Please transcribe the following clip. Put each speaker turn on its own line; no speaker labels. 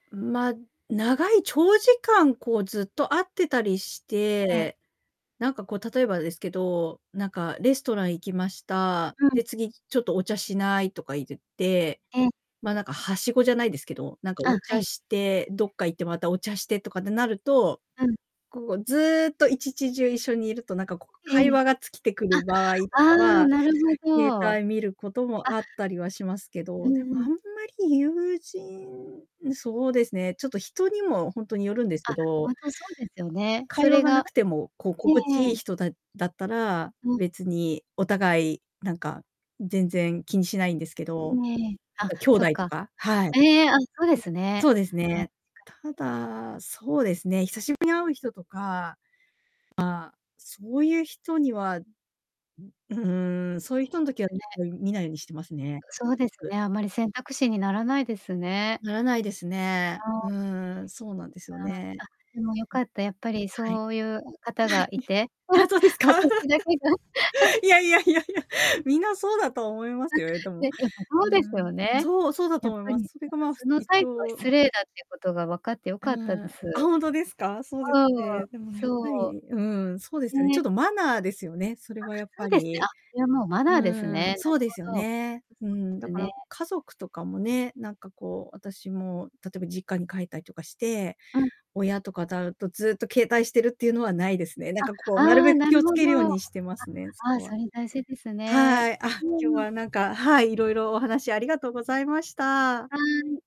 ま、長い長時間こうずっと会ってたりし
ええ。
て、なんかこう例えばですけど、なんかレストラン行きました、
うん。
で「次、ちょっとお茶しない」とかい言って、
ええ。
ま、なんか梯子じゃないですけど、なんか
あ、
お
は
茶
い。
してどっか行ってまたお茶してとかってなると、
うん。
こうずっと1ち中一緒にいると何かこう
え
会
え。
話が尽きてくる場合と
あ、あ
か
あ、
は、
なるほ
携
ど。
帯見ることも
あ
あったりはしますけ
う
ど、でも
んう
あん
ん。
まり友人、そうですね、ちょっと人にもほんとによるんですけ
あ、ほ
ど
んとそうですよね。そ
会話
れ
が無
が、
くてもこう心
ええ
地い
え
い
え。
人だだったら、
うん。
別にお互いなんか全然気にしないんですけど、
ええ、
なん
あ、
か兄
そっ
弟と
か、
か、はい。はい、
ええええ、あ、そうです
そ
ね。
うです
確かに。
ね。ただ、そうですね、久しぶりに会う人とか、まあ、そういう人には、ううーん、そういう人の時は
んね。
見ないようにしてますね。
そうです
べく。
ね、あまり選択肢にならないですね。
ならないですね。
あ
う
あ。
ーん、そうなんですよ
あ
ね。
あ、あ、でもよかった。やっぱり
はい。
そういう方がいて
はい、あ、そうですか。
私だけが
いや いやいやいや、みんなそうだと思いま
あ、
すよでも。
ね、やっぱ
う
そうです
ー
よ
ん。
ね。
そう、そうだと
やっ
思い
ぱり、
ま
うん、
す。それがまあふ
その
一
態度は
応
失礼だっていうことが分かってよ
う
かった
ー
で
ん、
す。う
あ、ほんとですか？そうです
ん、
ね、でもやっぱ
そ
り、うん、そうで
う。
すよね、ちょ
ね。
っとマナーですよね、それ
あ、
はやっ
そう
ぱ
ですね、
り。
あ、これはもうマ
う
ナーです
ー
ね。
ん、
な
そ
る
うですよ
ほど。
ね。うーん、だ
です
か
ね。
ら家族とかもね、なんかこう私も例えば実家に帰ったりとかして、
うん。
親とかだとずっと携帯してるっていうのはないですね。なん
あ、
かこうなる
あ
べ
あ、
く
な
気を
るほ
付けるよう
ど。あ、
にしてますね、そ
ああ、
こは。
それ大事ですね。
はい。あ、今
う
日
んうん。
はなんか、はい、いろいろお話ありがとうございました。
はい。